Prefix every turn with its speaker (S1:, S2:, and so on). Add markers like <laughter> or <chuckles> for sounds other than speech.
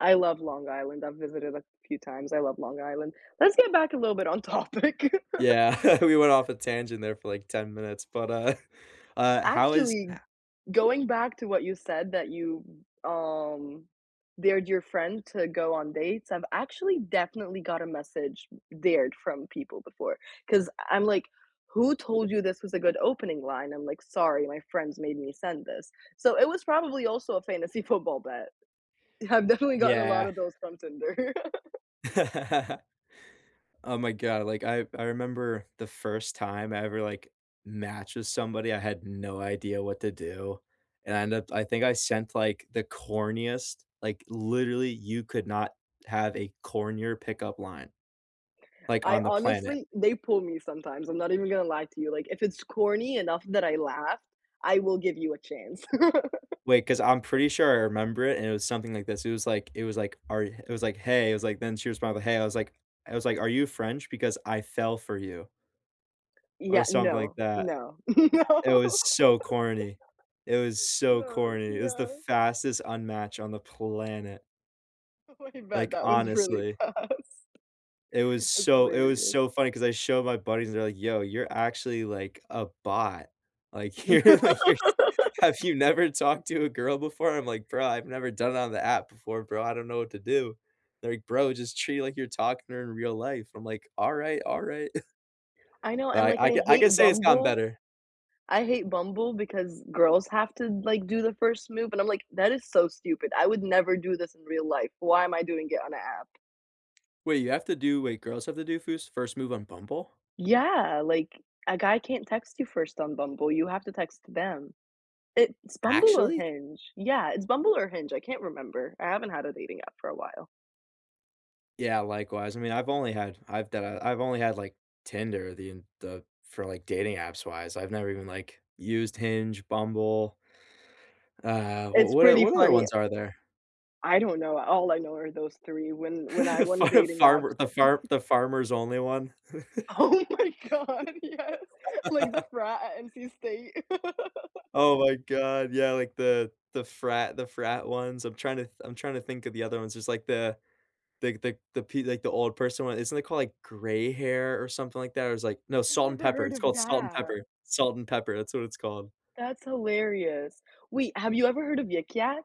S1: I love Long Island, I've visited a few times, I love Long Island. Let's get back a little bit on topic. <laughs>
S2: Yeah. <chuckles> We went off a tangent there for, like, 10 minutes, but, uh <chuckles> uh, how is
S1: Actually,
S2: ha
S1: going back to what you said that you, um, dared your friend to go on dates, I've actually definitely got a message dared from people before. 'Cause I I'm like, "Who told you this was a good opening line?" I'm like, "Sorry, my friends made me send this." So it was probably also a fantasy football bet. I've definitely gotten a lot
S2: Yeah.
S1: of those from Tinder. <laughs>
S2: <laughs> Oh my god, like, I I remember the first time I ever, like, matched with somebody, I had no idea what to do. And I end up I think I sent, like, the corniest, like, literally, you could not have a cornier pickup line, like,
S1: I,
S2: on the planet.
S1: honestly they pull me sometimes. I'm not even gonna lie to you. Like, if it's corny enough that I laugh, I will give you a chance. <laughs>
S2: Wait, 'cause I'm pretty sure I remember it, and it was something like this. It was like it was like, "Are h" it was like, "Hey." It was like then she was probably, "Hey." I was like I was like, "Are you French? Because I fell for you" or
S1: Yea
S2: something like
S1: No,
S2: that.
S1: no, <laughs> no.
S2: It was so
S1: <laughs>
S2: corny. It was so
S1: No,
S2: corny. It was the
S1: yeah.
S2: fastest unmatch on the planet.
S1: Oh, I bet
S2: Like,
S1: that was really
S2: honestly.
S1: fast.
S2: It was
S1: That's
S2: so it was
S1: hilarious.
S2: so funny 'cause I show my buddies, they're like, "Yo, you're actually like a bot. Like, you're, like, you're s have
S1: <laughs>
S2: you never talked to a girl before?" I'm like, "Bro, I've never done it on the app before, bro. I don't know what to do." Like, "Bro, just treat like you're talking to her in real life." I'm like, "Alright, alright." <chuckles>
S1: I know, and,
S2: But
S1: like,
S2: I I c
S1: I
S2: I can
S1: hate
S2: say it's gotten
S1: Bumble.
S2: better.
S1: I hate Bumble because girls have to, like, do the first move, and, I'm like, "That is so stupid. I would never do this in real life. Why am I doing it on a app?"
S2: Wait, you have to do Wait, girls have to do fus first move on Bumble?
S1: Yeah, like, a guy can't text you first on Bumble. You have to text them, it's Bumble or
S2: Actually?
S1: Hinge. Yeah, it's Bumble or Hinge, I can't remember, I haven't had a dating app for a while.
S2: Yeah, likewise, I mean, I've only had I've done I've only had, like, Tinder, the en the for, like, dating apps wise. I've never even, like, used Hinge, Bumble uh, w
S1: It's
S2: what o
S1: pretty
S2: what other
S1: funny
S2: ones are there?
S1: I don't know. All I know are those 3, when
S2: <laughs>
S1: when I won
S2: Far
S1: dating apps.
S2: farmer the farm
S1: <chuckles>
S2: the farmer's only one. <chuckles>
S1: Oh my god, yes. Like
S2: <laughs> .
S1: the frat at NC State. <laughs>
S2: Oh my god. Yeah, like, the the frat the frat ones. I'm trying to th I'm trying to think of the other ones. It's like the the the the pe like, old person one. Isn't it called, like, gray hair, or something like that, or is like No,
S1: I've
S2: Salt and
S1: never
S2: Pepper.
S1: heard
S2: It's
S1: of
S2: called Salt and
S1: that.
S2: Pepper. Salt and Pepper, that's what it's called.
S1: That's hilarious. Wait, have you ever heard of Yik Yak?